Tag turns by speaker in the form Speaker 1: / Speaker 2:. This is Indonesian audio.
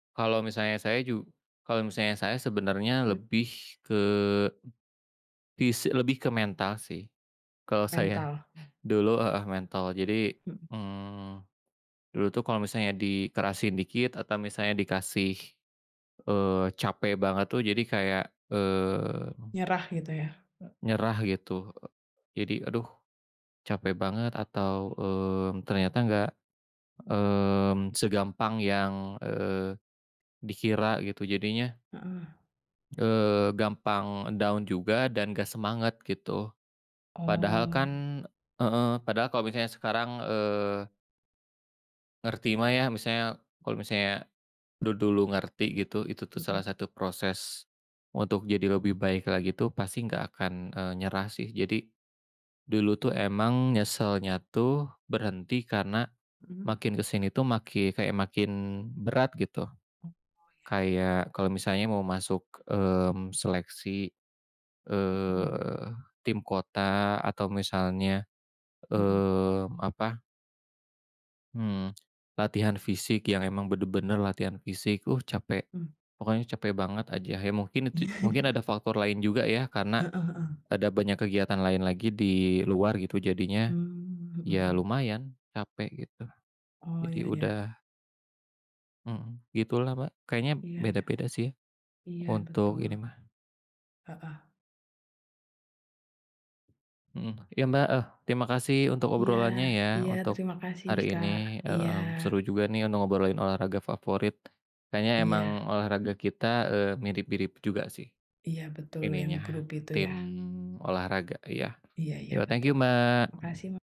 Speaker 1: Kalau misalnya saya ju kalau misalnya saya sebenarnya
Speaker 2: Mhm.
Speaker 1: lebih ke, pis eee, lebih ke mental sih, kalau saya.
Speaker 2: Mental.
Speaker 1: Dulu heeh, mental. Jadi,
Speaker 2: Mhm.
Speaker 1: mmm, dulu tuh kalau misalnya dikerasin dikit atau misalnya dikasih, eee, capek banget tuh jadi kayak, mmm.
Speaker 2: Nyerah gitu ya?
Speaker 1: Eee, nyerah gitu, eee, jadi "Aduh, capek banget" atau, mmm, ternyata enggak, mmm, segampang yang, eee, dikira gitu. Jadinya
Speaker 2: Heeh.
Speaker 1: Eee, gampang down juga, dan enggak semangat gitu. Padahal kan
Speaker 2: Oh.
Speaker 1: heeh, padahal kalau misalnya sekarang, eee Ngerti mah ya, misalnya, kalau misalnya du dulu ngerti gitu, itu tuh
Speaker 2: Mhm.
Speaker 1: salah satu proses untuk jadi lebih baik lagi tuh pasti enggak akan, eee, nyerah sih. Jadi, dulu tuh emang nyesalnya tuh berhenti karena
Speaker 2: Mhm.
Speaker 1: makin ke sini tuh maki kayak makin berat gitu,
Speaker 2: Oh, iya iya iya.
Speaker 1: kayak kalau misalnya mau masuk, mmm, seleksi,
Speaker 2: Mhm.
Speaker 1: eh, tim kota atau misalnya,
Speaker 2: Mhm.
Speaker 1: mmm, apa Mhm, latihan fisik yang emang benar-benar latihan fisik, "Uh, capek."
Speaker 2: Mhm.
Speaker 1: Pokoknya capek banget aja. Iya mungkin itu j mungkin ada faktor lain juga ya karena
Speaker 2: Heeh heeh.
Speaker 1: ada banyak kegiatan lain lagi di luar gitu, jadinya
Speaker 2: Mmm, mhm
Speaker 1: iya
Speaker 2: mhm.
Speaker 1: lumayan capek gitu,
Speaker 2: Oh,
Speaker 1: jadi
Speaker 2: iya
Speaker 1: udah
Speaker 2: iya.
Speaker 1: Mhm, gitulah, Pak. Kayaknya b
Speaker 2: Iya iya.
Speaker 1: beda-beda sih
Speaker 2: Iya
Speaker 1: untuk
Speaker 2: betul.
Speaker 1: ini mah.
Speaker 2: Heeh.
Speaker 1: Mhm, iya, Mbak, heeh, terima kasih untuk
Speaker 2: Iya
Speaker 1: obrolannya ya,
Speaker 2: iya.
Speaker 1: untuk
Speaker 2: Terima kasih,
Speaker 1: hari
Speaker 2: Kak,
Speaker 1: ini,
Speaker 2: iya.
Speaker 1: mhm, seru juga nih udah ngobrolin olahraga favorit. Kayaknya emang
Speaker 2: Iya.
Speaker 1: olahraga kita, eee, mirip-mirip juga sih,
Speaker 2: Iya betul yang
Speaker 1: ininya
Speaker 2: grup itu
Speaker 1: tim
Speaker 2: ya?
Speaker 1: olahraga, iya.
Speaker 2: Iya iya
Speaker 1: Yo, thank you,
Speaker 2: betul, makasih
Speaker 1: Mbak.
Speaker 2: ma